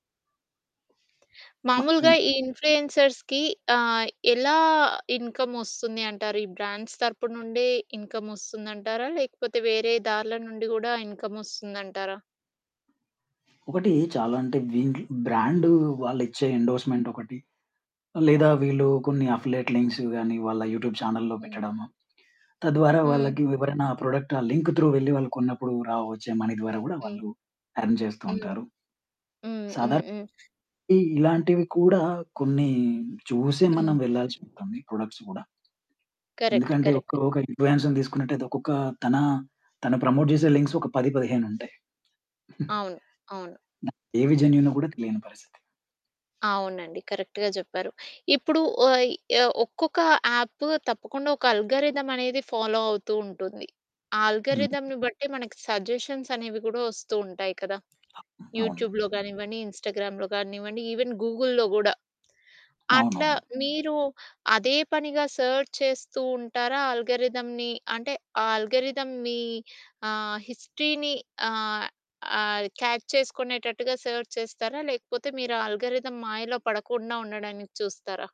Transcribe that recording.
మ ఈ మాములుగా ఈ ఇన్ఫ్లుయెన్సర్స్‌కి ఆహ్, ఎలా ఇన్‌కమ్ వస్తుంది అంటారు? ఈ బ్రాండ్స్ తరుపు నుండే ఇన్‌కమ్ వస్తుందంటారా? లేకపోతే వేరే దార్ల నుండి గూడా ఇన్‌కమ్ వస్తుందంటారా? ఒకటి చాలా అంటే వీండ్లు బ్రాండు వాళ్ళు ఇచ్చే ఎండోర్స్‌మెంట్ ఒకటి. లేదా వీళ్ళు కొన్ని అఫిలియేట్ లింక్సు గాని వాళ్ళ యూట్యూబ్ చానెల్‌‌లో హ్మ్. పెట్టడము. తద్వారా హ్మ్. వాళ్ళకి ఎవరైనా ప్రొడక్ట్ ఆ లింక్ త్రూ వెళ్ళి వాళ్లు కొన్నప్పుడు రా వచ్చే మనీ ద్వారా గూడా హ్మ్. వాళ్ళు ఎర్న్ జేస్తూ హ్మ్. ఉంటారు. హ్మ్. హ్మ్. సాదర్ హ్మ్. ఇ ఇలాంటివి కూడా కొన్ని చూసే హ్మ్. మనం వెళ్ళాల్సి ఉంటుంది. ప్రొడక్ట్స్ గూడ... కరెక్ట్. ఎందుకంటే, కరెక్ట్. ఒక్కరు ఒక ఇన్ఫ్లుయెన్స్‌ని దీసుకున్నట్టైతే, ఒక్కొక్క తనా, తను ప్రమోట్ జేసే లింక్సు ఒక 10, 15 ఉంటాయి. అవును. అవును. ఏవి జెన్యూనో గూడా తెలియని పరిస్థితి. అవునండి. కరెక్ట్‌గా జెప్పారు. ఇప్పుడు ఓయ్ ఆహ్, ఒక్కొక్క యాప్పు తప్పకుండా ఒక అల్గారిథం అనేది ఫాలో అవుతూ ఉంటుంది. ఆ హ్మ్. ఆల్గారిథమ్‌ని బట్టి మనకి సజెషన్స్ అనేవి గూడా వస్తూ ఉంటాయి కదా! అవును. యూట్యూబ్‌లో గానివ్వండి, ఇన్‌స్టాగ్రామ్‌‌‌లో గానివ్వండి. ఈవెన్ గూగుల్‌లో గూడా. అట్లా అవునవును. మీరు అదే పనిగా సెర్చ్ చేస్తూ ఉంటారా ఆల్గారిథమ్‌ని? అంటే ఆ ఆల్గారిథం మీ ఆహ్, హిస్టరీని ఆహ్, ఆహ్, క్యాచ్ చేసుకునేటట్టుగా సెర్చ్ చేస్తారా? లేకపోతే మీరు ఆ ఆల్గారిథం మాయలో పడకుండా ఉండడానికి చూస్తారా?